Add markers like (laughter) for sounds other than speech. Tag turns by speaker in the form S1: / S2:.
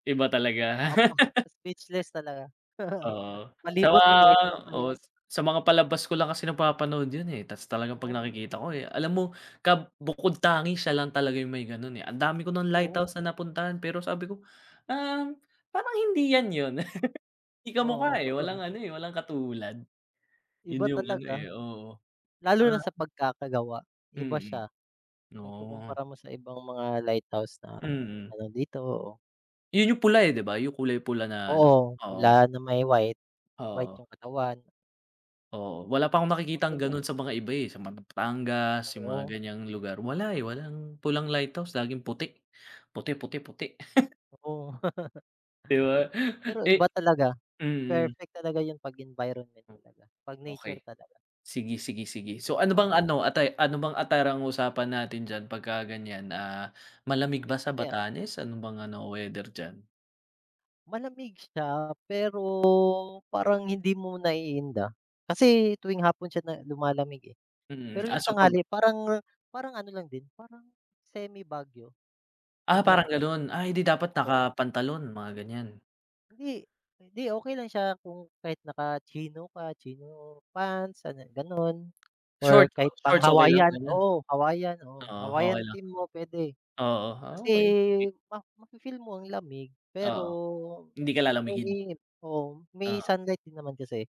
S1: Iba talaga.
S2: Opo, speechless talaga.
S1: (laughs)
S2: (laughs)
S1: Oo, sa
S2: Palibot
S1: mga
S2: no'ng lighthouse na
S1: oo,
S2: 'yan.
S1: sa mga palabas ko lang kasi nagpapanood 'yon, eh. Tapos talagang 'pag
S2: Oh.
S1: nakikita ko, eh, alam mo kab bukod-tangi, siya lang talaga yung may gano'n eh. Andami ko nang
S2: Oo.
S1: lighthouse na napuntahan pero sabi ko, "Um, parang hindi 'yan 'yon." (laughs) Hindi
S2: Oo,
S1: kamukha eh,
S2: kapag
S1: walang ano eh, walang katulad. 'Yon
S2: Iba
S1: yung ano eh,
S2: talaga.
S1: oo.
S2: Lalo na sa
S1: Ah
S2: pagkakagawa, iba
S1: Mm,
S2: siya.
S1: oh.
S2: Maikukumpara mo sa ibang mga lighthouse na
S1: Mm.
S2: ano dito, oo.
S1: 'Yon yung pula eh, 'di ba? Yung kulay pula na ano,
S2: Oo.
S1: oo.
S2: Pula na may white. White
S1: Oo.
S2: yung katawan.
S1: Oo, wala pa akong nakikitang
S2: Maganda.
S1: gano'n sa mga iba, eh. Sa mga Batangas, yung mga
S2: Oo.
S1: ganiyang lugar. Wala eh, walang pulang lighthouse, laging puti. Puti-puti-puti. (laughs)
S2: Oo.
S1: 'Di ba?
S2: (laughs) Pero
S1: Eh
S2: iba talaga.
S1: mm.
S2: Perfect talaga 'yon 'pag environment talaga, 'pag nature
S1: Okey.
S2: talaga.
S1: Sige-sige-sige. So, ano bang
S2: Oo.
S1: ano, atti ano bang attire ang usapan natin diyan pagka ganiyan? Ah, malamig ba sa
S2: (unintelligible)
S1: Batanes? Ano bang ano, weather diyan?
S2: Malamig siya, pero parang hindi mo naiinda. Kasi tuwing hapon siya na lumalamig, eh.
S1: Mm.
S2: Pero
S1: Ah,
S2: yung
S1: so, pag
S2: tanghali parang parang ano lang din, parang semi-Baguio.
S1: Ah,
S2: Yung lam
S1: parang gano'n. Ay, eh di dapat
S2: Oo.
S1: nakapantalon, mga ganiyan.
S2: Hindi. Hindi, okey lang siya kung kahit naka-chino ka, chino pants, ano, gano'n, or
S1: Short.
S2: kahit
S1: Shorts, okey lang,
S2: pang-Hawaiian.
S1: ganiyan?
S2: Oo, Hawaiian. Oo,
S1: Oo,
S2: Hawaiian
S1: okey lang.
S2: team mo puwede,
S1: Oo. Ah,
S2: kasi
S1: okey, sige.
S2: ma mafi-feel mo ang lamig. Pero
S1: Oo. Hindi
S2: may
S1: ka
S2: may
S1: lalamigin?
S2: init, oo, may
S1: Oo.
S2: sunlight din naman kasi.